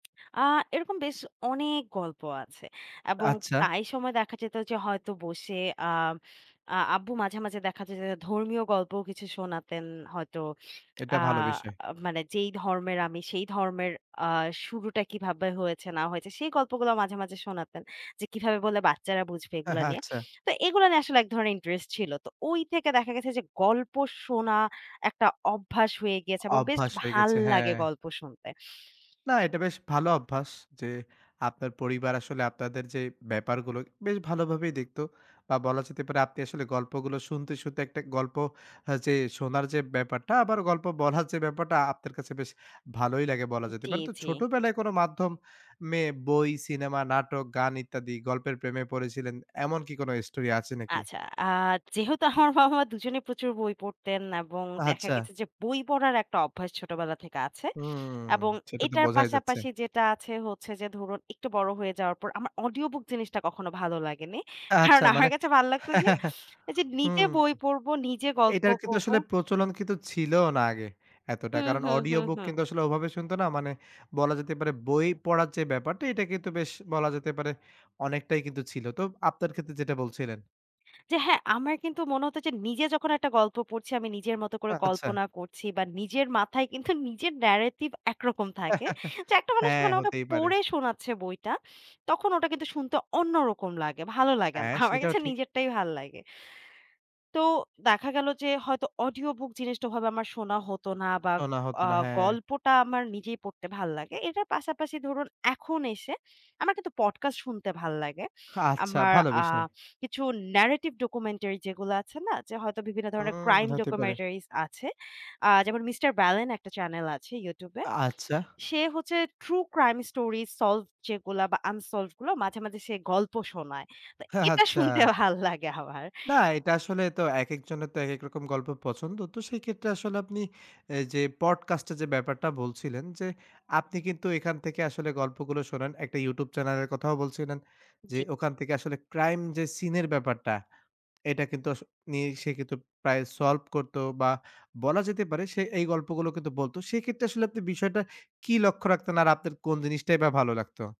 আ এরকম বেশ অনেক গল্প আছে। এবং আচ্ছা। প্রায় সময় দেখা যেত যে হয়তো বসে আ আ আব্বু মাঝে, মাঝে দেখা যায় যে ধর্মীয় গল্পও কিছু শোনাতেন হয়তো। এটা আ ভালো বিষয়। মানে যেই ধর্মের আমি সেই ধর্মের আ শুরুটা কিভাবে হয়েছে না হয়েছে সেই গল্পগুলো মাঝে, মাঝে শোনাতেন। যে কিভাবে বলে বাচ্চারা বুঝবে এগুলা নিয়ে। আচ্ছা। তো এগুলা নিয়ে আসলে এক ধরনের interest ছিল। তো ওই থেকে দেখা গেছে যে গল্প শোনা একটা অভ্যাস হয়ে গিয়েছে অ এবং বেশ অভ্যাস হয়ে গেছে। হ্যাঁ। ভাল্লাগে গল্প শুনতে। না, এটা বেশ ভালো অভ্যাস যে আপনার পরিবার আসলে আপনাদের যে ব্যাপারগুলো বেশ ভালোভাবেই দেখত। বা বলা যেতে পারে আপনি আসলে গল্পগুলো শুনতে শুনতে একটা গল্প আ যে শোনার যে ব্যাপারটা আবার গল্প বলার যে ব্যাপারটা আপনার কাছে বেশ ভালোই লাগে বলা যেতে জি, পারে। তো জি। ছোটবেলায় কোন মাধ্যম-মে বই, সিনেমা, নাটক, গান ইত্যাদি গল্পের প্রেমে পড়েছিলেন। এমন কি কোন story আছে নাকি? আচ্ছা। আ যেহেতু আমার বাবা মা দুজনেই প্রচুর বই পড়তেন এবং আ দেখা গেছে আচ্ছা। যে বই পড়ার একটা অভ্যাস ছোটবেলা থেকে আছে। হুম, এবং সেটা তো এটার বোঝাই যাচ্ছে। পাশাপাশি যেটা আছে হচ্ছে যে ধরুন একটু বড় হয়ে যাওয়ার পর আমার Audio book জিনিসটা কখনো ভালো লাগেনি। আ কারণ আচ্ছা। আমার মানে কাছে ভাল লাগতো যে এইযে নিজে হুম। বই পড়ব নিজে গল্প এইটার কিন্তু করব। আসলে প্রচলন কিন্তু ছিলও না আগে এতটা। হুম, কারণ হুম, অডিও হুম, বুক হুম। কিন্তু আসলে ওভাবে শুনতো না। মানে বলা যেতে পারে বই পড়ার যে ব্যাপারটা এটা কিন্তু বেশ বলা যেতে পারে অনেকটাই কিন্তু ছিল। তো আপনার ক্ষেত্রে যেটা বলছিলেন। হ্যাঁ, হ্যাঁ। আমার কিন্তু মনে হতো যে নিজে যখন একটা গল্প পড়ছি আমি নিজের মতো করে আচ্ছা। কল্পনা করছি বা নিজের মাথায় কিন্তু নিজের narrative একরকম থাকে। তো একটা মানুষ হ্যাঁ, মানে আমাকে হতেই পারে। পড়ে শোনাচ্ছে বইটা তখন ওটা কিন্তু শুনতে অন্যরকম লাগে। ভালো লাগেনা। হ্যাঁ, আমার কাছে সেটাও কিন্তু ঠিক। নিজেরটাই ভাল লাগে। তো দেখা গেল যে হয়তো audio book জিনিসটা ওভাবে আমার শোনা হতো না বা শোনা হতো আ না, হ্যাঁ। গল্পটা আমার নিজেই পড়তে ভাল লাগে। এটার পাশাপাশি ধরুন এখন এসে আমার কিন্তু podcast শুনতে ভাল্লাগে। আ আচ্ছা। আমার ভালো আ বিষয়। কিছু narrative documentary যেগুলো আছে না যে হয়তো বিভিন্ন ধরনের হুম, crime হতে পারে। documentaries আছে। আ যেমন 'mister Ballon' একটা channel আছে YouTube এ। আচ্ছা। সে হচ্ছে true crime story solve যেগুলা বা unsolved গুলো মাঝে, মাঝে সে গল্প শোনায়। তো এটা আচ্ছা। শুনতে ভাল্লাগে আমার। না, এটা আসলে তো একেকজনের তো একেক রকম গল্প পছন্দ। তো সেই ক্ষেত্রে আসলে আপনি এ যে podcast এর যে ব্যাপারটা বলছিলেন যে আপনি কিন্তু এখান থেকে আসলে গল্পগুলো শোনেন। একটা YouTube Channel এর কথাও বলছিলেন যে জি। ওখান থেকে আসলে crime যে seen এর ব্যাপারটা, এটা কিন্তু আস নিয়ে সে কিন্তু প্রায় solve করতো বা বলা যেতে পারে সে এই গল্পগুলো কিন্তু বলত। সেইক্ষেত্রে আসলে আপনি বিষয়টা কি লক্ষ্য রাখতেন আর আপনার কোন জিনিসটাই বা ভালো লাগতো?